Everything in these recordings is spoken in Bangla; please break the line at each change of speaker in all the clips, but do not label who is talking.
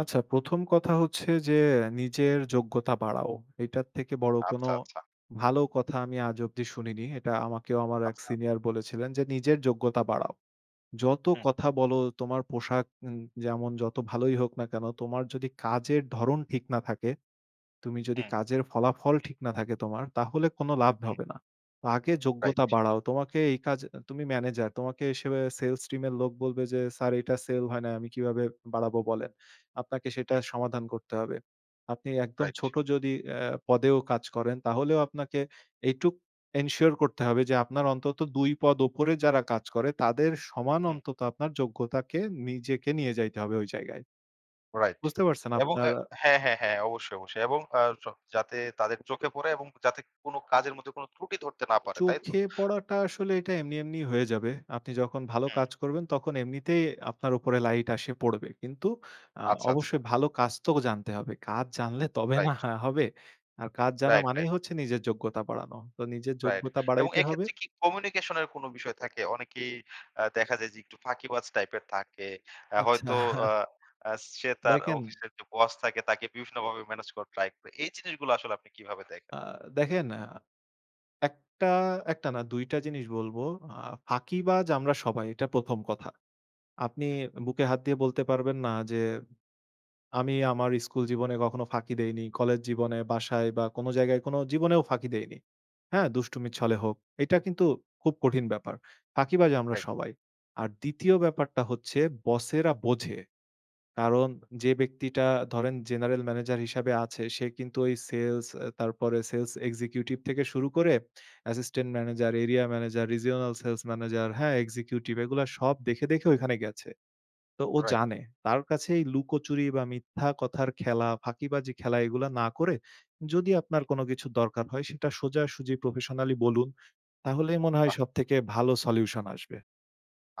আচ্ছা, ১ম কথা হচ্ছে যে নিজের যোগ্যতা বাড়াও। এটার থেকে বড় কোনো
আচ্ছা, আচ্ছা।
ভালো কথা আমি আজ অব্দি শুনিনি। এটা আমাকেও আমার এক
আচ্ছা।
সিনিয়র বলেছিলেন যে, "নিজের যোগ্যতা বাড়াও। যত
হুম।
কথা বলো তোমার পোশাক এ যেমন যত ভালোই হোক না কেনো, তোমার যদি কাজের ধরন ঠিক না থাকে। তুমি যদি
হুম।
কাজের ফলাফল ঠিক না থাকে, তোমার তাহলে কোনো লাভ
হুম।
হবে না। আগে
রাইট।
যোগ্যতা বাড়াও। তোমাকে এই কাজ তুমি ম্যানেজার তোমাকে হিসেবে সেলস টীম এর লোক বলবে যে, "স্যার এটা সেল হয় না। আমি কিভাবে বাড়াবো বলেন।" আপনাকে সেটা
হুম।
সমাধান করতে হবে। আপনি একদম
রাইট।
ছোট যদি আ পদেও কাজ করেন, তাহলেও আপনাকে এইটুক এনশিওর করতে হবে যে আপনার অন্তত ২ পদ উপরে যারা কাজ করে তাদের সমান
হুম।
অন্তত আপনার যোগ্যতাকে নিজেকে নিয়ে যাইতে হবে ওই জায়গায়।
রাইট
বুঝতে পারছেন?
এবং
আপনার"
আ হ্যাঁ, হ্যাঁ, হ্যাঁ, অবশ্যই অবশ্যই। এবং আ স যাতে তাদের চোখে পড়ে এবং যাতে কোনো কাজের মধ্যে কোনো ত্রুটি ধরতে না পারে। তাই তো?
চোখে পড়াটা আসলে এটা এমনি এমনি হয়ে যাবে। আপনি যখন ভালো
হুম।
কাজ করবেন, তখন এমনিতেই আপনার উপরে লাইট আসে পড়বে। কিন্তু আ
আচ্ছা, আচ্ছা।
অবশ্যই ভালো কাজ তো জানতে হবে। কাজ জানলে তবে না
রাইট।
হা হবে। আর কাজ জানা
রাইট, রাইট।
মানেই হচ্ছে নিজের যোগ্যতা বাড়ানো। তো নিজের
রাইট
যোগ্যতা
এবং
বাড়াইতে হবে
এক্ষেত্রে কি কমিউনিকেশন এর কোনো বিষয় থাকে? অনেকেই আ দেখা যায় যে একটু ফাঁকিবাজ টাইপ এর থাকে। আ
আচ্ছা।
হয়তো আ সে তার
দেখেন।
অফিসের যে বস থাকে তাকে বিভিন্নভাবে মেনেজ করার ট্রাই করে। এই জিনিসগুলো আসলে আপনি কিভাবে দেখেন?
আ দেখেন। আ ১ টা, ১ টা না, ২ টা জিনিস বলবো। আ ফাঁকিবাজ আমরা সবাই এটা ১ম কথা। আপনি
হুম।
বুকে হাত দিয়ে বলতে পারবেন না, যে আমি আমার স্কুল জীবনে কখনো ফাঁকি দেইনি। কলেজ জীবনে, বাসায় বা কোনো জায়গায় কোনো জীবনেও ফাঁকি দেইনি। হ্যাঁ, দুষ্টুমিচ্ছলে হোক। এইটা কিন্তু খুব কঠিন ব্যাপার। ফাঁকিবাজ আমরা
রাইট।
সবাই। আর ২য় ব্যাপারটা হচ্ছে বসেরা বোঝে। কারণ যে ব্যক্তিটা ধরেন জেনারেল ম্যানেজার হিসাবে আছে সে কিন্তু ওই সেলস এ তারপরে সেলস এক্সিকিউটিভ থেকে শুরু করে assistant manager, area manager, regional sales manager, হ্যাঁ এক্সিকিউটিভ এগুলা সব দেখে, দেখে ঐখানে গেছে। তো ও
রাইট।
জানে তার কাছেই লুকোচুরি বা মিথ্যা কথার খেলা, ফাঁকিবাজি খেলা এগুলা না করে, যদি
হুম।
আপনার কোনো কিছু দরকার হয় সেটা সোজাসুজি প্রফেশনালই বলুন তাহলে মনে হয়
বাহ!
সবথেকে ভালো সলিউশন আসবে।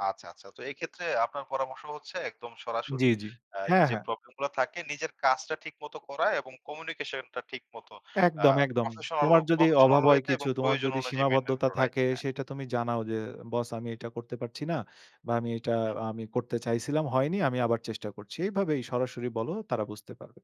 আচ্ছা, আচ্ছা। তো এক্ষেত্রে আপনার পরামর্শ হচ্ছে একদম সরাসরি
জ্বি, জ্বি,
আ
হ্যাঁ,
যে
হ্যাঁ।
প্রবলেম গুলা থাকে নিজের কাজটা ঠিকমত করা এবং কমিউনিকেশন টা ঠিক মত আ
একদম, একদম।
প্রফেশনাল ও
তোমার যদি
প্রফেশনাল
অভাব হয়
ওয়েতে এবং
কিছু, তোমার
প্রয়োজন
যদি
অনুযায়ী মেইনটেইন
সীমাবদ্ধতা
করে রাইট।
থাকে
হ্যাঁ।
সেটা তুমি জানাও যে, "বস আমি এটা করতে পারছি না। বা আমি এটা
হুম।
আমি করতে চাইছিলাম, হয়নি। আমি আবার চেষ্টা করছি।" এইভাবেই সরাসরি বলো তারা বুঝতে পারবে।